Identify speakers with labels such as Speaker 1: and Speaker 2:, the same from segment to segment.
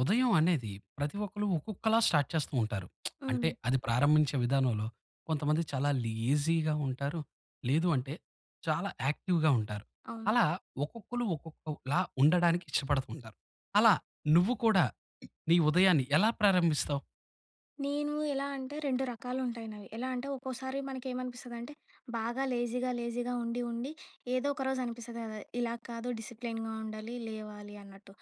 Speaker 1: ఉదయం అనేది ప్రతి ఒక్కరు ఒక్కొక్కలా స్టార్ట్ చేస్తూ ఉంటారు. అంటే
Speaker 2: హ్మ్.
Speaker 1: అది ప్రారంభించే విధానంలో. కొంతమంది చాలా లేజీగా ఉంటారు. లేదు అంటే చాలా యాక్టివ్‌గా ఉంటారు.
Speaker 2: అవును.
Speaker 1: అలా ఒక్కొక్కలు ఒక్కొక్కలా ఉండడానికి ఇష్టపడుతుంటారు. అలా నువ్వు కూడా నీ ఉదయాన్ని ఎలా ప్రారంభిస్తావు?
Speaker 2: నేను ఎలా అంటే 2 రకాలు ఉంటాయి నావి. ఎలా అంటే? ఒక్కోసారి మనకేమనిపిస్తదంటే బాగా లేజీగా, లేజీగా ఉండి, ఉండి ఏదో ఒక రోజు అనిపిస్తుంది కదా! ఇలా కాదు. డిసిప్లిన్‌గా ఉండాలి. లేవాలి అన్నట్టు.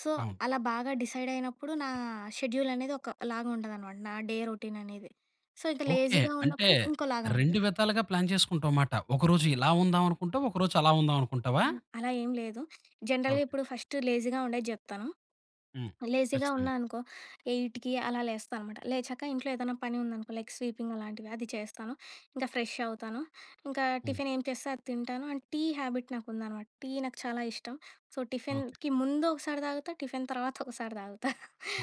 Speaker 2: సో,
Speaker 1: అవును.
Speaker 2: అలా బాగా డిసైడ్ అయినప్పుడు నా షెడ్యూల్ అనేది ఒకలాగా ఉండదనమాట. నా డే రొటీన్ అనేది. సో, ఇక
Speaker 1: ఓకే.
Speaker 2: లేజీగా
Speaker 1: అంటే
Speaker 2: ఉన్నప్పుడు ఇంకోలాగా
Speaker 1: 2
Speaker 2: ఉంది.
Speaker 1: విధాలుగా ప్లాన్ చేసుకుంటావమాట. ఒకరోజు ఇలా ఉందాం అనుకుంటావు. ఒక రోజు అలా ఉందాం అనుకుంటావా?
Speaker 2: అహా! అలా ఏం లేదు.
Speaker 1: ఓకే.
Speaker 2: జనరల్‌గా ఇప్పుడు ఫస్ట్ లేజీగా ఉండేది జెప్తాను.
Speaker 1: హ్మ్.
Speaker 2: లేజీగా
Speaker 1: ఖచ్చితంగా.
Speaker 2: ఉన్నానుకో, 8కి అలా లేస్తా అనమాట. లేచాక ఇంట్లో ఏదైనా పని ఉందనుకో, లైక్ స్వీపింగ్ అలాంటివి అది చేస్తాను. ఇంకా ఫ్రెష్ అవుతాను. ఇంకా
Speaker 1: హ్మ్.
Speaker 2: టిఫిన్ ఏం చేస్తే అది తింటాను. అండ్ టీ హ్యాబిట్ నాకుందనమాట. టీ నాకు చాలా ఇష్టం. So,
Speaker 1: okay.
Speaker 2: టిఫిన్‌కి ముందు ఒకసారి తాగుతా. టిఫిన్ తర్వాత ఒకసారి తాగుతా.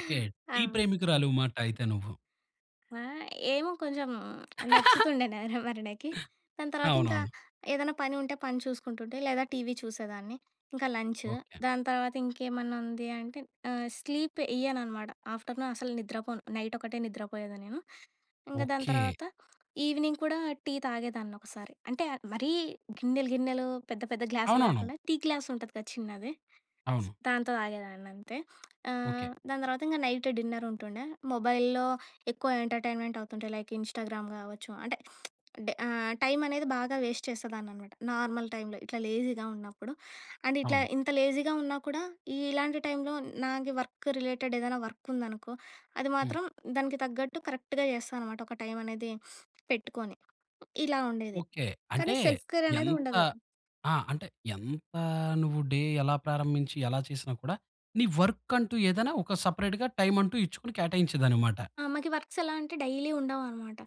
Speaker 1: ఓకే.
Speaker 2: ఆ!
Speaker 1: టీ ప్రేమికురాలుమాట అయితే నువ్వు.
Speaker 2: ఆహ్, ఏమో కొంచెం నచ్చుతుండే నా వరనకి. దాని తర్వాత ఇంకా,
Speaker 1: అవునవును.
Speaker 2: ఏదైనా పని ఉంటే పని చూసుకుంటుంటే లేదా టీవీ చూసేదాన్ని. ఇంకా లంచు.
Speaker 1: ఓకే.
Speaker 2: దాని తర్వాత ఇంకేమన్నా ఉంది అంటే ఆహ్, స్లీప్ వెయ్యను అనమాట. ఆఫ్టర్‌నూన్ అసలు నిద్రపోను, నైట్ ఒకటే నిద్రపోయేదాన్ని. నేను ఇంగా దాని
Speaker 1: ఓకే.
Speaker 2: తర్వాత ఈవినింగ్ కూడా టీ తాగేదాన్ని ఒకసారి, అంటే మరీ గిన్నెలు గిన్నెలు, పెద్ద పెద్ద గ్లాసులు
Speaker 1: అవునవును.
Speaker 2: కాకుండా టీ గ్లాస్ ఉంటది కదా చిన్నది.
Speaker 1: అవును.
Speaker 2: దాంతో తాగేదాన్ని అంతే.
Speaker 1: ఓకే.
Speaker 2: ఆహ్, దాని తర్వాత ఇంగా నైట్ డిన్నర్ ఉంటుండే. మొబైల్లో ఎక్కువ ఎంటర్టైన్మెంట్ అవుతుంటే లైక్ ఇన్‌స్టా‌గ్రామ్ కావచ్చు అంటే ఆహ్, టైమ్ అనేది బాగా వేస్ట్ చేసేదాన్ని అన్నమాట. నార్మల్ టైమ్‌లో ఇట్లా లేజీగా ఉన్నప్పుడు. అండ్ ఇట్లా
Speaker 1: అవును.
Speaker 2: ఇంత లేజీగా ఉన్నా కూడా ఇలాంటి టైమ్‌లో నా వర్క్ రిలేటెడ్ ఏదైనా వర్క్ ఉందనుకో, అది
Speaker 1: హ్మ్.
Speaker 2: మాత్రం దానికి తగ్గట్టు కరెక్ట్‌గా చేస్తా అనమాట ఒక టైమ్ అనేది పెట్టుకొని. ఇలా ఉండేది.
Speaker 1: ఓకె. అంటే
Speaker 2: కానీ సెల్ఫ్ కేర్ అనేది
Speaker 1: ఎంత
Speaker 2: ఉండదు.
Speaker 1: ఆహ్, అంటే ఎంత నువ్వు డే ఎలా ప్రారంభించి ఎలా చేసినా కూడా, నీ వర్క్ కంటూ ఏదైనా, ఒక సెపరేట్‌గా టైమ్ అంటూ ఇచ్చుకు కేటాయించేది అన్నమాట.
Speaker 2: ఆహ్, మాకు ఈ వర్క్స్ ఎలా అంటే డైలీ ఉండవనమాట.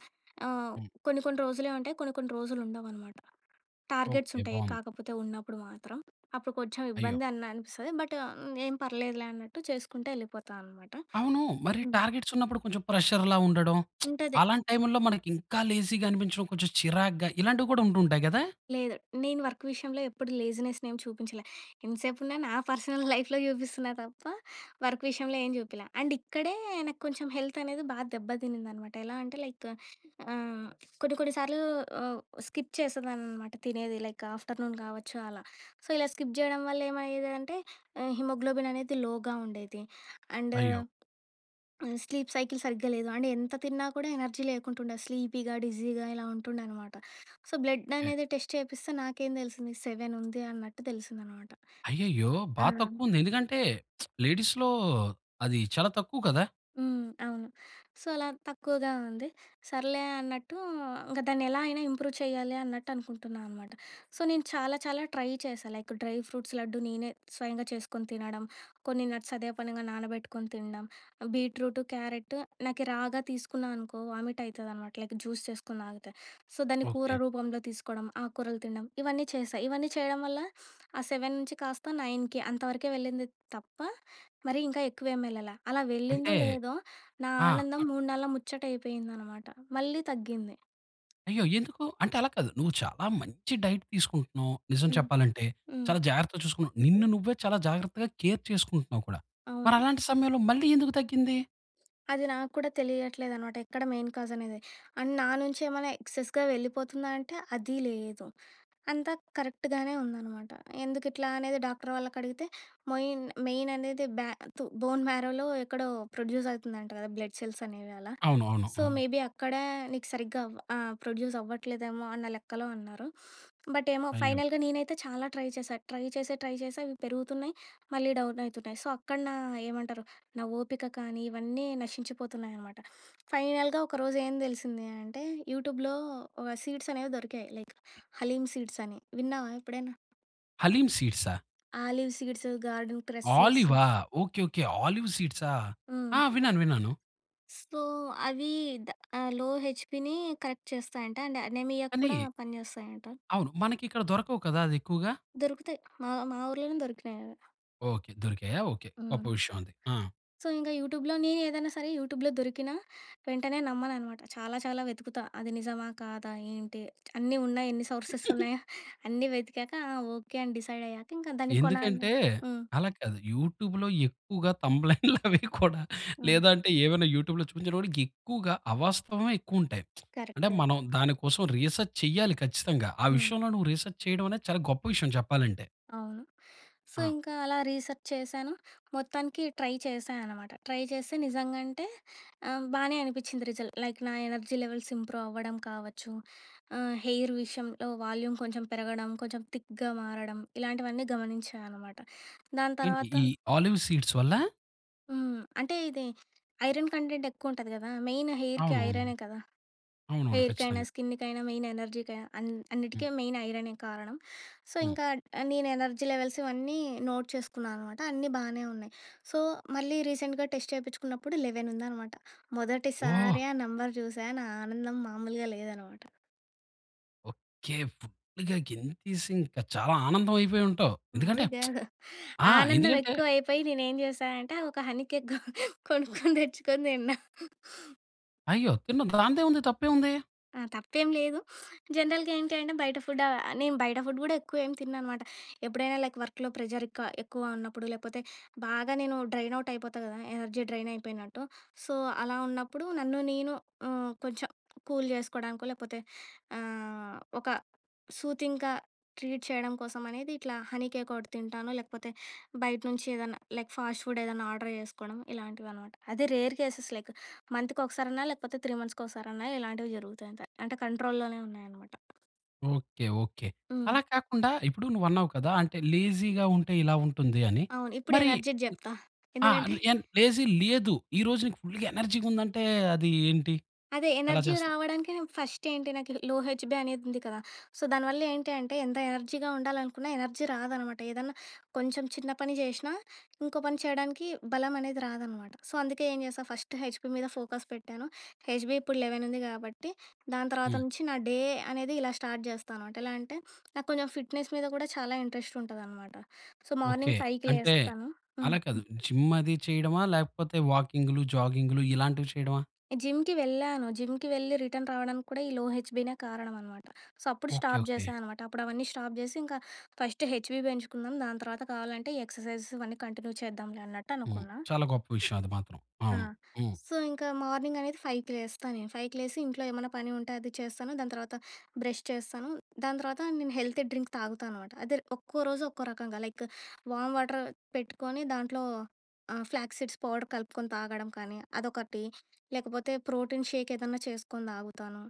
Speaker 2: ఆహ్,
Speaker 1: హ్మ్.
Speaker 2: కొన్ని కొన్ని రోజులు ఉంటాయి, కొన్ని కొన్ని రోజులు ఉండవనమాట. టార్గెట్స్
Speaker 1: ఓకే,
Speaker 2: ఉంటాయి.
Speaker 1: బాగుంది.
Speaker 2: కాకపోతే ఉన్నప్పుడు మాత్రం, అప్పుడు కొంచెం
Speaker 1: అయ్యో!
Speaker 2: ఇబ్బంది అన్న అనిపిస్తది. బట్టా, ఏం పర్లేదులే అన్నట్టు చేసుకుంటే వెళ్ళిపోతా అనమాట.
Speaker 1: అవును, మరి
Speaker 2: హ్మ్.
Speaker 1: టార్గెట్స్ ఉన్నప్పుడు కొంచెం ప్రెషర్‌లా ఉండడం,
Speaker 2: ఉంటది.
Speaker 1: అలాంటి టైమ్‌లో మనకి ఇంకా లేజీగా అనిపించడం కొంచెం చిరాగ్గా ఇలాంటివి కూడా ఉంటాయి కదా!
Speaker 2: లేదు. నేను వర్క్ విషయంలో ఎప్పుడు లేజినెస్ ఏమి చూపించలే, ఎంతసేపు ఉన్నా నా పర్సనల్ లైఫ్‌లో చూపిస్తున్నా తప్ప, వర్క్ విషయంలో ఏం చూపియలే, అండ్ ఇక్కడే నాకు కొంచెం హెల్త్ అనేది బాగా దెబ్బతినిందనమాట. ఎలా అంటే లైక్ ఆహ్, కొన్ని కొన్ని సార్లు ఆహ్, స్కిప్ చేసేదాన్ననమాట తినేది, లైక్ ఆఫ్టర్‌నూన్ కావచ్చు అలా. సో, ఇలా స్కిప్ చేయడం వల్ల ఏమయ్యేది అంటే ఆహ్, హీమోగ్లోబిన్ అనేది లోగా ఉండేది, అండ్
Speaker 1: అయ్యో!
Speaker 2: స్లీప్ సైకిల్ సరిగ్గా లేదు. అంటే ఎంత తిన్నా కూడా ఎనర్జీ లేకుంటుండే. స్లీపీగా, డిజీగా ఇలా ఉంటుండే అనమాట. సో, బ్లడ్
Speaker 1: ఏహ్!
Speaker 2: అనేది టెస్ట్ చేపిస్తే నాకేం తెలిసింది 7 ఉంది, అన్నట్టు తెలిసిందనమాట.
Speaker 1: అయ్యయ్యో!
Speaker 2: ఆ!
Speaker 1: బా తక్కువ ఉంది ఎందుకంటే, లేడీస్‌లో అది చాలా తక్కువ కదా?
Speaker 2: హ్మ్, అవును. సో, అలా తక్కువగా ఉంది సర్లే అన్నట్టు ఇంకా దాన్ని ఎలా అయినా ఇంప్రూవ్ చేయాలి అన్నట్టు అనుకుంటున్నా అనమాట. సో, నేను చాలా చాలా ట్రై చేశాను. లైక్ డ్రై ఫ్రూట్స్ లడ్డు నేనే స్వయంగా చేసుకొని తినడం, కొన్ని నట్స్ అదే పనిగా నానబెట్టుకొని తినడం, బీట్రూట్, క్యారెట్ నాకు రాగా తీసుకున్న అనుకో, వామిట్ ఐతదనమాట లైక్ జ్యూస్ చేసుకొని తాగుత. సో, దాన్ని కూర
Speaker 1: ఓకే.
Speaker 2: రూపంలో తీసుకోవడం, ఆకుకూరలు తినడం ఇవన్నీ చేశా ఇవన్నీ చేయడం వల్ల ఆ 7 నుంచి కాస్త 9 అంతవరకే వెళ్ళింది తప్ప, మరి ఇంకా ఎక్కువేమి వెళ్ళలే. అలా వెళ్ళిందో
Speaker 1: అంటే,
Speaker 2: లేదో, నా
Speaker 1: ఆహ్.
Speaker 2: ఆనందం మూన్నాళ్ళ ముచ్చటయిపోయింది అనమాట, మళ్ళీ తగ్గింది.
Speaker 1: అయ్యో! ఎందుకు అంటే అలా కాదు నువ్వు చాలా మంచి డైట్ తీసుకుంటున్నావు నిజం
Speaker 2: హ్మ్.
Speaker 1: చెప్పాలంటే.
Speaker 2: హ్మ్.
Speaker 1: చాలా జాగ్రత్తగా చూసుకున్నా, నిన్ను నువ్వే చాలా జాగ్రత్తగా కేర్ చేసుకుంటున్నావు కూడా, మరి
Speaker 2: అవును.
Speaker 1: అలాంటి సమయంలో మళ్ళి ఎందుకు తగ్గింది?
Speaker 2: అది నాకు కూడా తెలియట్లేదనమాట. ఎక్కడ మెయిన్ కాజ్ అనేది? అండ్ నా నుంచి ఏమైనా ఎక్సెస్‌గా వెళ్ళిపోతుందా? అంటే అది లేదు. అంతా కరెక్ట్‌గానే ఉందనమాట. ఎందుకు ఇట్లా అనేది డాక్టర్ వాళ్ళకి అడిగితే? మోయిన్ మెయిన్ అనేది బ్యాతు బోన్ మ్యారోలో ఎక్కడో ప్రొడ్యూస్ అవుతుందంట కదా! బ్లడ్ సెల్స్ అనేవి అలా.
Speaker 1: అవును. అవును.
Speaker 2: సో,
Speaker 1: హ్మ్.
Speaker 2: మేబీ అక్కడే నీకు సరిగ్గా అవ ఆహ్! ప్రొడ్యూస్ అవ్వట్లేదేమో అన్న లెక్కలో అన్నారు. బట్ ఏమో
Speaker 1: అయ్యో!
Speaker 2: ఫైనల్‌గా నేనైతే చాలా ట్రై చేశా. ట్రై చేసే, ట్రై చేసే, అవి పెరుగుతున్నాయి. మళ్ళీ డౌన్ అవుతున్నాయి. సో, అక్కడ నా ఏమంటారు నా ఓపిక కానీ ఇవన్నీ నశించిపోతున్నాయనమాట. ఫైనల్‌గా ఒకరోజు ఏం తెలిసింది అంటే యూట్యూబ్‌లో ఒక సీడ్స్ అనేవి దొరికాయి. లైక్ హలీం సీడ్స్ అని. విన్నావా ఎప్పుడైనా?
Speaker 1: హలీమ్ సీడ్సా?
Speaker 2: Olive seeds garden cress seeds.
Speaker 1: ఆలివా? ఓకే. ఓకే. ఆలివ్ సీడ్సా!
Speaker 2: హ్మ్.
Speaker 1: ఆ! విన్నాను, విన్నాను.
Speaker 2: సో, అవి ద ఆహ్, లో హెచ్‌పిని కరెక్ట్ చేస్తాయంటా. అండ్ అనీమియాకి కూడా
Speaker 1: కానీ
Speaker 2: పనిచేస్తాయంటా.
Speaker 1: అవును. మనకిక్కడ దొరకవు కదా! అది ఎక్కువగా?
Speaker 2: దొరుకుతాయి. మా మా ఊర్లోనే దొరికినాయి అవి.
Speaker 1: ఓకే. దొరికాయ. ఓకే. గొప్ప
Speaker 2: హ్మ్.
Speaker 1: విషయం అది. ఆ!
Speaker 2: సో, ఇంకా యూట్యూబ్‌లోనే నేనే ఏదైనా సరే యూట్యూబ్‌లోనే దొరికినా వెంటనే నమ్మననమాట. చాలా చాలా వెతుకుతా. అది నిజమా? కాదా? ఏంటి అన్నీ ఉన్నాయి? ఎన్ని సోర్సెస్ ఉన్నాయ? అన్నీ వెతికాక, ఆ! ఓకే. అని డిసైడ్ అయ్యాక ఇంకా దాన్ని కొనాలి
Speaker 1: ఎందుకంటే?
Speaker 2: హ్మ్.
Speaker 1: అలా కాదు. యూట్యూబ్‌లోనే ఎక్కువగా థంబ్‌లయిల్ అవి కూడా
Speaker 2: హ్మ్.
Speaker 1: లేదంటే ఏమైనా యూట్యూబ్‌లో చూపించేటప్పటికి ఎక్కువగా అవాస్తవమే ఎక్కువ ఉంటాయి.
Speaker 2: కరెక్ట్.
Speaker 1: అంటే,
Speaker 2: కరెక్ట్.
Speaker 1: మనం దానికోసం రీసర్చ్ చేయాలి ఖచ్చితంగా! ఆ
Speaker 2: హ్మ్.
Speaker 1: విషయంలో నువ్వు రీసర్చ్ చేయడం అనేది చాలా గొప్ప విషయం చెప్పాలంటే.
Speaker 2: అవును. సో,
Speaker 1: ఆ!
Speaker 2: ఇంకా అలా రీసెర్చ్ చేశాను. మొత్తానికి ట్రై చేశా అనమాటా. ట్రై చేస్తే, నిజంగా అంటే, ఆహ్, బానే అనిపించింది రిజల్ట్. లైక్ నా ఎనర్జీ లెవెల్స్ ఇంప్రూవ్ అవ్వడం కావచ్చు. ఆహ్, హెయిర్ విషయంలో వాల్యూమ్ కొంచెం పెరగడం కొంచెం థిక్‌గా మారడం ఇలాంటివన్నీ గమనించా అనమాట. దాని
Speaker 1: ఏంటి
Speaker 2: తర్వాత
Speaker 1: ఈ ఆలివ్ సీడ్స్ వల్లా?
Speaker 2: హ్మ్. అంటే ఇది ఐరన్ కంటెంట్ ఎక్కువుంటది కదా! మెయిన్ హెయిర్‌కి
Speaker 1: అవునవును.
Speaker 2: ఐరనే కదా!
Speaker 1: అవునవును
Speaker 2: హెయిర్‌కైనా,
Speaker 1: ఖచ్చితంగా.
Speaker 2: స్కిన్‌కైనా, మెయిన్ ఎనర్జీకైనా అన్
Speaker 1: హ్మ్.
Speaker 2: అన్నిటికి మెయిన్ ఐరనే కారణం. సో,
Speaker 1: హ్మ్.
Speaker 2: ఇంకా నేను ఎనర్జీ లెవెల్స్ ఇవన్నీ నోట్ చేసుకున్నాననమాట. అన్నీ బానే ఉన్నాయి. సో, మళ్ళీ రీసెంట్‌గా టెస్ట్ చేపించుకున్నప్పుడు 11 ఉందనమాట.
Speaker 1: వాహ్!
Speaker 2: మొదటిసారి ఆ నెంబర్ చూసా. నా ఆనందం మామూలుగా లేదనమాట.
Speaker 1: ఓకే. ఫుల్‌గా గెంతేసి ఇంక చాలా ఆనందం అయిపోయి ఉంటావ్! ఎందుకంటే
Speaker 2: [unintelligible]
Speaker 1: ఆ!
Speaker 2: ఆనందం
Speaker 1: ఎందుకంటే
Speaker 2: ఎక్కువ అయిపోయి నేనేం చేసా అంటే ఆహ్, ఒక హనీ కేక్ కొనుక్కొని తెచ్చుకొని తిన్నా.
Speaker 1: అయ్యో! తిన్న దానిదేముంది తప్పేముంది?
Speaker 2: ఆ! తప్పేం లేదు. జనరల్‌గా ఏంటి అంటే బయట ఫుడ్ నేను బయట ఫుడ్ కూడా ఎక్కువ ఏమి తినననమాట. ఎప్పుడైనా లైక్ వర్క్‌లో ప్రెషర్ ఎక్కువ ఎక్కువ ఉన్నప్పుడు, లేపోతే బాగా నేను డ్రైన్ అవుట్ అయిపోతా కదా! ఎనర్జీ డ్రైన్ అయిపోయినట్టు. సో, అలా ఉన్నప్పుడు నన్ను నేను ఆహ్, కొంచెం కూల్ చేసుకోవడానికో, లేపోతే ఆహ్, ఒక సూతింగ్‌గా ట్రీట్ చేయడం కోసం అనేది ఇట్లా హనీ కేక్ ఒకటి తింటాను. లేకపోతే బయట నుంచి ఏదన్నా లైక్ ఫాస్ట్ ఫుడ్ ఏదన్నా ఆర్డర్ చేసుకోవడం ఇలాంటివి అనమాట. అదే రేర్ కేసెసే. లైక్ మంత్‌కి ఒకసారన్నా లేకపోతే, 3 మంత్స్‌కి ఒకసారన్నా ఇలాంటివి జరుగుతాయి అంతే. అంటే కంట్రోల్‌లోనే ఉన్నాయన్నమాట.
Speaker 1: ఓకె, ఓకె,
Speaker 2: హ్మ్.
Speaker 1: అలా కాకుండా, ఇప్పుడు నువ్వు అన్నావు కదా! అంటే లేజీగా ఉంటే ఇలా ఉంటుంది అని.
Speaker 2: అవును, ఇప్పుడు
Speaker 1: మరి
Speaker 2: ఎనర్జీది జెప్తా.
Speaker 1: ఆహ్,
Speaker 2: ఎందుకంటే
Speaker 1: ఏం లే లేజీ లేదు, ఈ రోజు నీకు ఫుల్‌గా ఎనర్జీగా ఉంది అంటే అదీ ఏంటి,
Speaker 2: అదే
Speaker 1: ఎలా
Speaker 2: ఎనర్జీ
Speaker 1: చేస్తావ్?
Speaker 2: రావడానికి నాకు ఫస్ట్ ఏంటి, నాకు లో హెచ్‌బి అనేది ఉంది కదా! సో, దానివల్ల ఏంటి అంటే, ఎంత ఎనర్జీగా ఉండాలనుకున్నా ఎనర్జీ రాదనమాట. ఏదన్నా కొంచెం చిన్న పని చేసినా, ఇంకో పని చేయడానికి బలం అనేది రాదనమాట. సో, అందుకే ఏం చేస్తా, ఫస్ట్ హెచ్‌బి మీద ఫోకస్ పెట్టాను, హెచ్‌బి ఇప్పుడు 11 ఉంది కాబట్టి, దాని తర్వాత
Speaker 1: హ్మ్.
Speaker 2: నుంచి నా డే అనేది ఇలా స్టార్ట్ చేస్తా అనమాట. ఎలా అంటే, నాకు కొంచెం ఫిట్నెస్ మీద కూడా చాలా ఇంట్రెస్ట్ ఉంటదనమాట. సో,
Speaker 1: ఓకె,
Speaker 2: మార్నింగ్ 5
Speaker 1: అంటే
Speaker 2: లేస్తాను. హ్మ్.
Speaker 1: అలా కాదు, జిమ్ అది చేయడమా, లేకపోతే వాకింగ్‌లు, జాగింగ్‌లు ఇలాంటివి చేయడమా?
Speaker 2: జిమ్‌కి వెళ్ళాను, జిమ్‌కి వెళ్ళి రిటర్న్ రావడానికి కూడా ఈ లో హెచ్‌‌బినే కారణం అనమాట. సో, అప్పుడు
Speaker 1: ఓకె,
Speaker 2: స్టాప్
Speaker 1: ఓకె.
Speaker 2: చేశాననమాట. అప్పుడవన్నీ స్టాప్ చేసి, ఇంకా "ఫస్ట్ హెచ్‌బి పెంచుకుందాం, దాని తర్వాత కావాలంటే ఈ ఎక్సర్సైజెస్ ఇవన్నీ కంటిన్యూ చేద్దాంలే" అన్నట్టు
Speaker 1: హ్మ్,
Speaker 2: అనుకున్నా.
Speaker 1: చాలా గొప్ప విషయం అది మాత్రం.
Speaker 2: ఆ!
Speaker 1: అవును, హ్మ్.
Speaker 2: సో, ఇంకా మార్నింగ్ అనేది 5 లేస్తా నేను. ఫైవ్‌కి లేసి ఇంట్లో ఏమన్నా పని ఉంటే, అది చేస్తాను. దాని తర్వాత బ్రష్ చేస్తాను. దాని తర్వాత నేను హెల్తీ డ్రింక్ తాగుతా అనమాట. అదే ఒక్కో రోజు ఒక్కో రకంగా, లైక్ వామ్ వాటర్ పెట్టుకొని దాంట్లో ఆహ్, ఫ్లాక్ సీడ్స్ పౌడర్ కలుపుకొని తాగడం కానీ, అదొకటి లేకపోతే, ప్రోటీన్ షేక్ ఏదన్నా చేసుకొని తాగుతాను,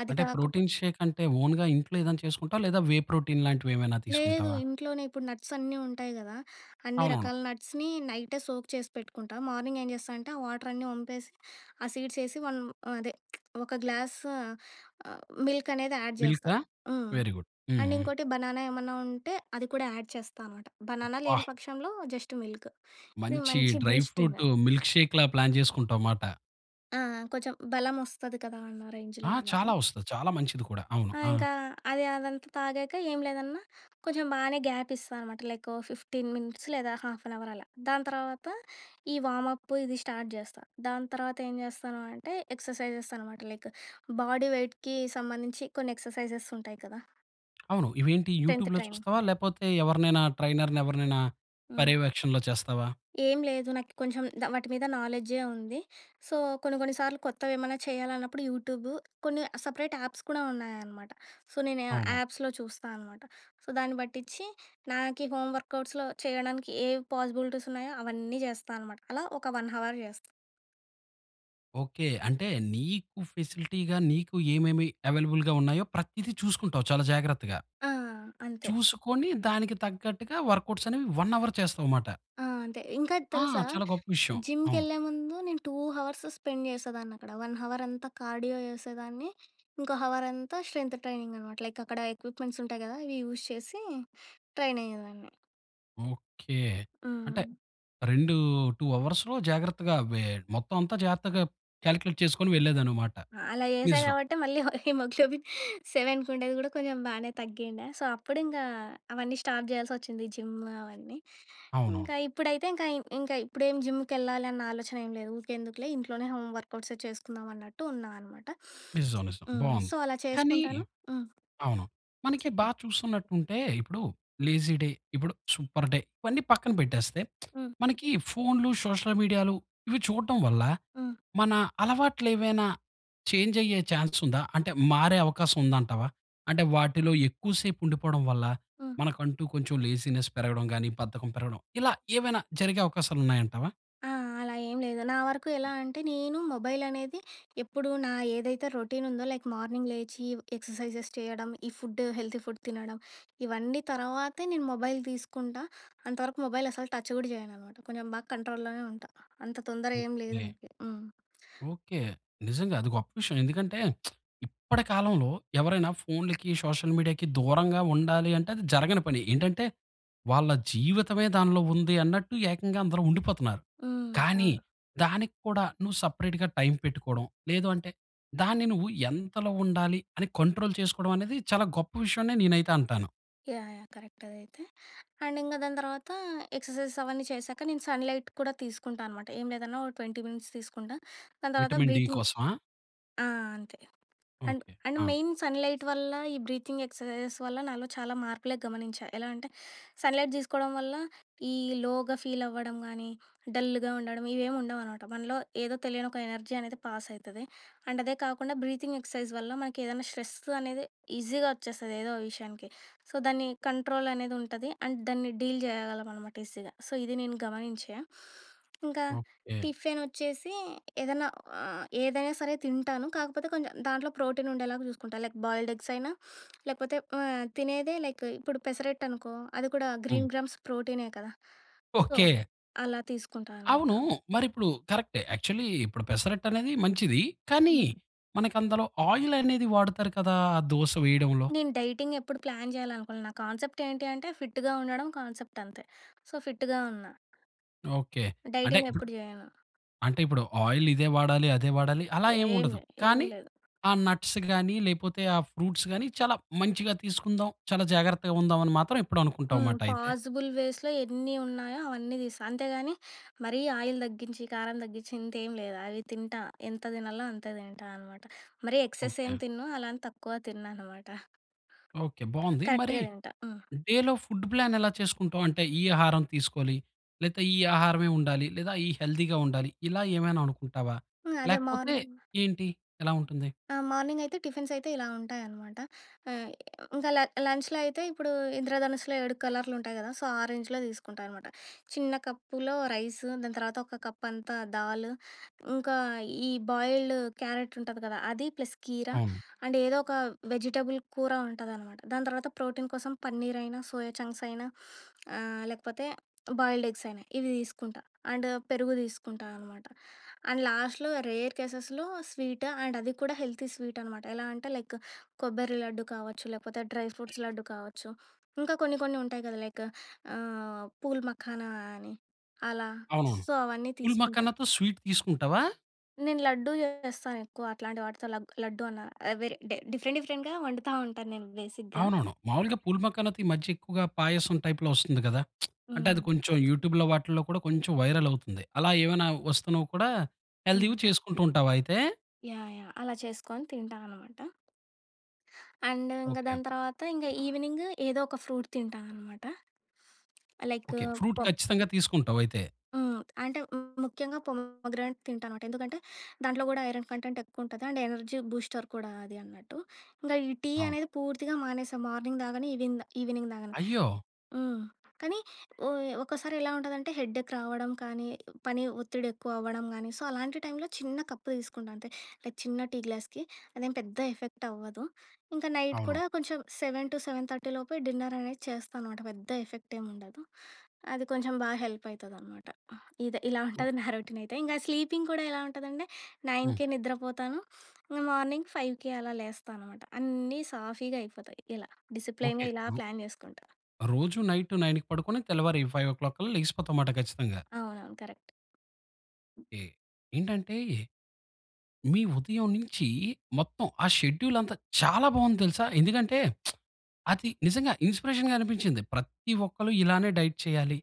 Speaker 2: అది
Speaker 1: అంటే
Speaker 2: కాకపో
Speaker 1: ప్రోటీన్ షేక్ అంటే, ఓన్‌గా ఇంట్లో ఏదైనా చేసుకుంటావా, లేదా వే ప్రోటీన్ లాంటివి ఏమైనా
Speaker 2: లేదు,
Speaker 1: తీసుకుంటావా?
Speaker 2: ఇంట్లోనే ఇప్పుడు నట్స్ అన్నీ ఉంటాయి గదా! అన్ని
Speaker 1: అవునవును.
Speaker 2: రకాల నట్స్‌ని నైటే సోక్ చేసి పెట్టుకుంటా. మార్నింగ్ ఏం జేస్తా అంటే, ఆ వాటర్ అన్నీ వంపేసి, ఆ సీడ్స్ ఏసి, వన్ అదే ఒక గ్లాస్ ఆహ్, మిల్క్ అనేది యాడ్ చేస్తా.
Speaker 1: మిల్కా?
Speaker 2: హ్మ్.
Speaker 1: వెరీ గుడ్
Speaker 2: అండ్
Speaker 1: హుహు.
Speaker 2: ఇంకోటి బనానా ఏమన్నా ఉంటే అది కూడా యాడ్ చేస్తా అనమాట. బనానా
Speaker 1: అబ్బా!
Speaker 2: లేని పక్షంలో జస్ట్ మిల్క్. ఇది
Speaker 1: మంచి
Speaker 2: మంచి బూస్టింగ్.
Speaker 1: డ్రైఫ్రూట్ మిల్క్ షేక్‌‌లా ప్లాన్ చేసుకుంటావ్ మాట.
Speaker 2: ఆ! ఆ! కొంచెం బలం వస్తది కదా! అన్న రేంజ్‌లో
Speaker 1: ఆ!
Speaker 2: అన్నమాట.
Speaker 1: చాలా వస్తది. చాలా మంచిది కూడా! అవును.
Speaker 2: ఆ!
Speaker 1: ఆ!
Speaker 2: ఇంకా, అది అదంతా తాగాక ఏం లేదన్నా, కొంచెం బానే గ్యాప్ ఇస్తా అన్నమాట. లైక్, 15 మినిట్స్ లేదా హాఫ్ అన్ అవర్ అలా. దాని తర్వాత, ఈ వార్మ్‌అప్ప్ ఇది స్టార్ట్ చేస్తా. దాని తర్వాత ఏం చేస్తాను అంటే, ఎక్స్‌ర్‌సైజెస్ అన్నమాట. లైక్, బాడీ వెయిట్‌కి సంబంధించి కొన్ని ఎక్స్‌ర్‌సైజెస్ ఉంటాయి కదా!
Speaker 1: అవును. ఇవేంటి
Speaker 2: టెన్థ్
Speaker 1: యూట్యూబ్‌లో
Speaker 2: ట్రైనింగ్.
Speaker 1: చూస్తావా? లేపోతే ఎవరినైనా, ట్రైనర్‌ని ఎవరినైనా
Speaker 2: హ్మ్.
Speaker 1: పర్యవేక్షణలో చేస్తావా?
Speaker 2: ఏం లేదు, నాకి కొంచెం ద వాటి మీద నాలెడ్జే ఉంది. సో, కొన్ని, కొన్ని సార్లు కొత్తవేమన్నా చేయాలన్నప్పుడు, యూట్యూబు కొన్ని అ సెపరేట్ యాప్స్ కూడా ఉన్నాయన్నమాట. సో, నేను
Speaker 1: అవును.
Speaker 2: ఆ యాప్స్‌లో చూస్తా అన్నమాట. సో, దాన్ని బట్టిచ్చి, నాకి హోమ్ వర్కౌట్స్‌లో చేయడానికి ఏ పాసిబిలిటీస్ ఉన్నాయో, అవన్నీ చేస్తా అన్నమాట. అలా ఒక, 1 హవర్ చేస్తా.
Speaker 1: ఓకె. అంటే నీకు ఫెసిలిటీగా, నీకు ఏమేమి అవైలబుల్‌గా ఉన్నాయో, ప్రతిది చూసుకుంటావు చాలా జాగ్రత్తగా!
Speaker 2: ఆ! అంతే.
Speaker 1: చూసుకొని దానికి తగ్గట్టుగా, వర్క్‌అవుట్స్ అనేవి 1 అవర్ చేస్తావమాట.
Speaker 2: ఆ! అంతే. ఇంకా ఇది
Speaker 1: ఆ!
Speaker 2: తెలుసా?
Speaker 1: చాలా గొప్ప విషయం. అవును.
Speaker 2: జిమ్‌కెళ్ళే ముందు నేను, 2 హవర్స్ స్పెండ్ చేసేదాన్ని అక్కడ. 1 హవర్ అంతా కార్డియో చేసేదాన్ని. ఇంకో హవర్ అంతా, స్ట్రెంత్ ట్రైనింగ్ అన్నమాట. లైక్ అక్కడ ఎక్విప్‌మెంట్స్ ఉంటాయి కదా! ఇవి యూజ్ చేసి ట్రైన్ అయ్యేదాన్ని.
Speaker 1: ఓకె. అంటే
Speaker 2: ఆ!
Speaker 1: రెండు 2 అవర్స్‌లో జాగ్రత్తగా, అవి మొత్తం అంతా జాగ్రత్తగా కాలిక్యులేట్ చేసుకొని వెళ్ళెదనమాట.
Speaker 2: ఆ! అలా చేశా
Speaker 1: నిజం.
Speaker 2: కాబట్టే, మళ్ళీ హి హిమోగ్లోబిన్ 7కి ఉండేది, కూడా కొంచెం బాగానే తగ్గిండె. సో, అప్పుడింక అవన్నీ స్టార్ట్ చెయ్యలసొచ్చింది జిమ్ అవన్నీ.
Speaker 1: అవునవును.
Speaker 2: ఇంకా ఇప్పుడైతే ఇంకా, ఇంకా ఇప్పుడేం జిమ్‌కేళ్ళాలి అన్న, ఆలోచన ఏమి లేదు. ఊకే ఎందుకులే ఇంట్లోనే హోమ్ వర్కౌట్సే చేసుకుందాం, అన్నట్టు ఉన్నామనమాట.
Speaker 1: నిజం. నిజం.
Speaker 2: హ్మ్, సో,
Speaker 1: బావుంది.
Speaker 2: అలా
Speaker 1: కానీ
Speaker 2: చేసుకుంటాను. హ్మ్.
Speaker 1: అవును. మనకి
Speaker 2: చెప్పు.
Speaker 1: బాగా చూస్తున్నట్టు ఉంటే, ఇప్పుడు లేజీ డే ఇప్పుడు, సూపర్ డే ఇవన్నీ పక్కన పెట్టేస్తే.
Speaker 2: హ్మ్.
Speaker 1: మనకి ఫోన్‌లు, సోషల్ మీడియాలు ఇవి చూడటం వల్ల
Speaker 2: హ్మ్.
Speaker 1: మన అలవాట్లేవైనా చేంజ్ అయ్యే ఛాన్స్ ఉందా? అంటే మారే అవకాశం ఉందంటావా? అంటే వాటిలో ఎక్కువసేపు ఉండిపోవడం వల్ల,
Speaker 2: హ్మ్.
Speaker 1: మనకంటూ కొంచెం లేజీనెస్ పెరగడం గానీ, బద్ధకం పెరగడం ఇలా ఏవైనా జరిగే అవకాశాలున్నాయంటావా?
Speaker 2: ఆ! అలా ఏం లేదు. నా వరకు ఎలా అంటే, నేను మొబైల్ అనేది ఎప్పుడు, నా ఏదైతే రొటీన్ ఉందో లైక్ మార్నింగ్ లేచి ఎక్ససైజెస్ చేయడం. ఈ ఫుడ్, హెల్తీ ఫుడ్ తినడం. ఇవన్నీ తర్వాతే నేను మొబైల్ తీసుకుంటా అంతవరకు మొబైల్ అస్సలు టచ్ గూడా చేయననమాట. కొంచెం బాగా కంట్రోల్‌ లోనే ఉంటా. అంత తొందర ఏమి లేదు
Speaker 1: ఓకె.
Speaker 2: నాకి. హ్మ్.
Speaker 1: ఓకె. నిజంగా అది గొప్ప విషయం. ఎందుకంటే ఇప్పటి కాలంలో, ఎవరైనా ఫోన్‌లకి సోషల్ మీడియాకి దూరంగా ఉండాలి అంటే, అది జరగని పని. ఏంటంటే, వాళ్ళ జీవితమే దానిలో ఉంది అన్నట్టు ఏకంగా అందరూ ఉండిపోతున్నారు.
Speaker 2: హ్మ్.
Speaker 1: కానీ
Speaker 2: అవును.
Speaker 1: దానికి కూడా నువ్వు సెపరేట్‌గా టైమ్ పెట్టుకోవడం. లేదు అంటే దాన్ని నువ్వు ఎంతలో ఉండాలి అని కంట్రోల్ చేసుకోవడం అనేది చాలా గొప్ప విషయం అని నేనైతే అంటాను.
Speaker 2: యాహ్! యాహ్! కరెక్ట్ అదైతే. అండ్ ఇంక దాని తర్వాత ఎక్ససైజెస్ అవన్నీ చేశాక నేను సన్‌ లైట్ కూడా తీసుకుంటా అనమాట. ఏం లేదన్నా ఒక 20 మినిట్స్ తీసుకుంటా. దాని తర్వాత
Speaker 1: విటమిన్ డి
Speaker 2: బ్రీతింగ్
Speaker 1: కోసమా?
Speaker 2: ఆ! అంతే. And,
Speaker 1: okay.
Speaker 2: అండ్
Speaker 1: ఆ!
Speaker 2: మెయిన్ సన్‌ లైట్ వల్ల, ఈ బ్రీతింగ్ ఎక్ససైజెస్ వల్ల నాలో చాలా మార్పులే గమనించా. ఎలా అంటే సన్‌ లైట్ తీసుకోవడం వల్ల, ఈ లోగా ఫీల్ అవ్వడం గాని, డల్‌గా ఉండడం ఇవేమి ఉండవు అనమాట. మనలో, ఏదో తెలియని ఒక ఎనర్జీ అనేది పాస్ అయితది. అండ్ అదే కాకుండా బ్రీతింగ్ ఎక్ససైజ్ వల్ల మనకేదన్నా స్ట్రెస్ అనేది ఈజీగా వచ్చేస్తది, ఏదో ఒక విషయానికి. సో, దాన్ని కంట్రోల్ అనేది ఉంటది. అండ్ దాన్ని డీల్ చేయగలం అనమాట ఈజీగా. సో, ఇది నేను గమనించా. ఇంకా,
Speaker 1: ఓకె.
Speaker 2: టిఫెనొచ్చేసి ఏదన్నా, ఆహ్, ఏదైనా సరే తింటాను. కాకపోతే కొంచెం దాంట్లో ప్రోటీన్ ఉండేలాగా చూసుకుంటా. లైక్ బాయిల్‌డ్ ఎగ్స్ అయినా లేకపోతే ఆహ్, తినేదే లైక్ ఇప్పుడు పెసరట్టనుకో, అది కూడా
Speaker 1: హ్మ్.
Speaker 2: గ్రీన్ గ్రామ్స్ ప్రోటీనే కదా! So,
Speaker 1: okay!
Speaker 2: అలా తీసుకుంటానమాట.
Speaker 1: అవును! మరి ఇప్పుడు కరక్టే. యాక్చల్లీ ఇప్పుడు పెసరట్టు అనేది మంచిది. కానీ,
Speaker 2: హ్మ్.
Speaker 1: మనకందలో ఆయిల్ అనేది వాడతారు కదా! దోస వేయడంలో?
Speaker 2: నేను డైటింగ్ ఎప్పుడు ప్లాన్ చేయాలనుకోలా. నా కాన్సెప్ట్ ఏంటి అంటే, ఫిట్‌గా ఉండడం కాన్సెప్ట్ అంతే. సో, ఫిట్‌గా ఉన్నా.
Speaker 1: ఓకె. అంటే,
Speaker 2: డైటింగ్
Speaker 1: ఇప్పుడు
Speaker 2: ఎప్పుడు చేయను.
Speaker 1: అంటే ఇప్పుడు ఆయిల్ ఇదే వాడాలి, అదే వాడాలి, అలా ఏం
Speaker 2: ఏం
Speaker 1: ఉండదు.
Speaker 2: లే. ఏం
Speaker 1: కానీ
Speaker 2: లేదు.
Speaker 1: ఆ నట్స్ గాని లేకపోతే ఆ ఫ్రూట్స్ గాని చాలా మంచిగా తీసుకుందాం, చాలా జాగ్రత్తగా ఉందాం, అని మాత్రం ఎప్పుడు
Speaker 2: ఆ!
Speaker 1: అనుకుంటావు, మాట అయితే.
Speaker 2: పాజిబుల్ వేస్‌లో ఎన్ని ఉన్నాయో, అవన్నీ తీస్తా. అంతేగాని మరీ ఆయిల్ తగ్గించి, కారం తగ్గించి ఇంతేం లేదు. అవి తింటా. ఎంత తినాల్నో అంతే తింటా అనమాట. మరి ఎక్సెస్
Speaker 1: ఓకె.
Speaker 2: ఏమి తినను. అలా అని తక్కువ తిన్నానమాట.
Speaker 1: ఓకె. బావుంది. మరి
Speaker 2: కరెక్ట్‌గా తింటా. హ్మ్.
Speaker 1: డేలో ఫుడ్ ప్లాన్ ఎలా చేసుకుంటావు? అంటే ఈ ఆహారం తీసుకోవాలి, లేతే ఈ ఆహారమే ఉండాలి. లేదా ఈ హెల్తీగా ఉండాలి. ఇలా ఏమైనా అనుకుంటావా?
Speaker 2: హ్మ్. అదే! మాన్
Speaker 1: లేకపోతే ఏంటి, ఎలా ఉంటుంది?
Speaker 2: ఆ! మార్నింగ్ అయితే టిఫిన్స్ అయితే, ఇలా ఉంటాయనమాట. ఆహ్, ఇంకా ల లంచ్‌లో అయితే, ఇప్పుడు ఇంద్రధనుస్సులో 7 కలర్‌లుంటాయి కదా! సో, ఆ రేంజ్‌లో తీసుకుంటా అనమాట. చిన్న కప్పులో రైస్ దాని తర్వాత ఒక కప్ అంతా దాల్ ఇంకా ఈ బాయిల్డ్ క్యారెట్ ఉంటది కదా! అది ప్లస్ కీర
Speaker 1: అవును.
Speaker 2: అండ్ ఏదో ఒక వెజిటబుల్ కూర ఉంటదనమాట. దాని తర్వాత ప్రోటీన్ కోసం పన్నీర్, అయినా సోయా చంక్స్ అయినా, ఆహ్, లేకపోతే బాయిల్‌డ్ ఎగ్స్ అయినా, ఇవి తీసుకుంటా. అండ్ పెరుగు తీసుకుంటా అనమాట. అండ్ లాస్ట్‌లో, రేర్ కేసెస్‌లో స్వీట్ అండ్ అది కూడా హెల్తీ స్వీట్ అన్నమాట. ఎలా అంటే లైక్ కొబ్బరి లడ్డు కావచ్చు, లేపోతే డ్రై ఫ్రూట్స్ లడ్డు కావచ్చు. ఇంకా కొన్ని కొన్ని ఉంటాయి కదా! లైక్ ఆహ్, పూల్ మఖానా అని అలా.
Speaker 1: అవునవును.
Speaker 2: సో, అవన్నీ
Speaker 1: పూల్
Speaker 2: తీసుకుంట.
Speaker 1: మాఖనతో స్వీట్ తీసుకుంటావా?
Speaker 2: నేను లడ్డూ చేస్తాను ఎక్కువ. అట్లాంటి వాటితో లగ్గ్ లడ్డూ అలా వేరే డేర్ డిఫరెంట్ డిఫరెంట్‌గా వండుతా ఉంటాను. నేను బేసిక్‌గా.
Speaker 1: అవునవును. మాములుగా పూల్ మఖానాతో ఈ మధ్య ఎక్కువగా పాయసం టైప్‌లో వస్తుంది కదా! అంటే అది
Speaker 2: హ్మ్.
Speaker 1: కొంచెం యూట్యూబ్‌లో వాటిలో కూడా కొంచెం వైరల్ అవుతుంది. అలా ఏమైనా వస్తున్నవి కూడా
Speaker 2: హ్మ్.
Speaker 1: హెల్తీగా చేసుకుంటూ ఉంటావా అయితే?
Speaker 2: యాహ్! యాహ్! అలా చేసుకొని తింటాననమాట... అండ్ ఇంగ
Speaker 1: ఓకే.
Speaker 2: దాని తర్వాత ఇంగ ఈవెనింగ్ ఏదో ఒక ఫ్రూట్ తింటాననమాట. Like
Speaker 1: okay. v
Speaker 2: పో
Speaker 1: ఖచ్చితంగా తీసుకుంటావ్ అయితే.
Speaker 2: హ్మ్. అంటే ము ముఖ్యంగా పోమోగ్రానెట్ తింటాననమాట. ఎందుకంటే, దాంట్లో కూడా ఐరన్ కంటెంట్ ఎక్కువ ఉంటది. అండ్ ఎనర్జీ బూస్టర్ కూడా అది అన్నట్టు. ఇంకా ఈ టీ
Speaker 1: అవును.
Speaker 2: అనేది పూర్తిగా మానేసా. మార్నింగ్ తాగను. ఈవెన్ ఈవినింగ్ తాగను.
Speaker 1: అయ్యో!
Speaker 2: హ్మ్. కానీ ఒ ఒక్కసారి ఎలా ఉంటుందంటే హెడ్ఎక్ రావడం కానీ, పని ఒత్తిడి ఎక్కువ అవ్వడం కానీ. సో, అలాంటి టైమ్‌లో చిన్న కప్పు తీసుకుంటా అంతే. లైక్ చిన్న టీ గ్లాస్‌కి. అదేం పెద్ద ఎఫెక్ట్ అవ్వదు. ఇంకా నైట్
Speaker 1: అవును.
Speaker 2: కూడా కొంచెం 7:00-7:30 డిన్నర్ అనేది చేస్తా అనమాట. పెద్ద ఎఫెక్ట్ ఏం ఉండదు. అది కొంచెం బాగా హెల్ప్ అయితదనమాట. ఇదే ఇలా ఉంటది నా రోటీన్ అయితే. ఇంగ స్లీపింగ్ కూడా ఎలా ఉంటదంటే,
Speaker 1: హ్మ్.
Speaker 2: 9కే నిద్రపోతాను. మార్నింగ్ 5కి అలా లేస్తా అన్నమాట. అన్నీ సాఫీగా అయిపోతాయి. ఇలా
Speaker 1: ఓకే.
Speaker 2: డిసిప్లైన్‌గా ఇలా
Speaker 1: రు
Speaker 2: ప్లాన్ చేసుకుంటా.
Speaker 1: రోజు నైట్ 9కి పడుకొని, తెల్లవారు 5:00 కల్లా లెగిసిపోతావ్ మాట ఖచ్చితంగా.
Speaker 2: అవునవును. కరెక్ట్.
Speaker 1: ఓకే. ఏంటంటే మీ ఉదయం నుంచి మొత్తం ఆ షెడ్యూల్ అంతా చాలా బావుంది తెలుసా. ఎందుకంటే, అది నిజంగా ఇన్‌స్పిరేషన్‌గా అనిపించింది. ప్రతి ఒక్కలు ఇలానే డైట్ చేయాలి.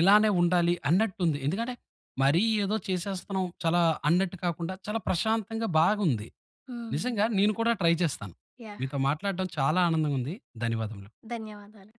Speaker 1: ఇలానే ఉండాలి అన్నట్టుంది. ఎందుకంటే, మరి ఏదో చేసేస్తున్నాం, చాలా అన్నట్టు కాకుండా, చాలా ప్రశాంతంగా బాగుంది.
Speaker 2: హ్మ్.
Speaker 1: నిజంగా నేను కూడా ట్రై చేస్తాను.
Speaker 2: యాహ్!
Speaker 1: మీతో మాట్లాడడం చాలా ఆనందంగా ఉంది. ధన్యవాదములు.
Speaker 2: ధన్యవాదాలు.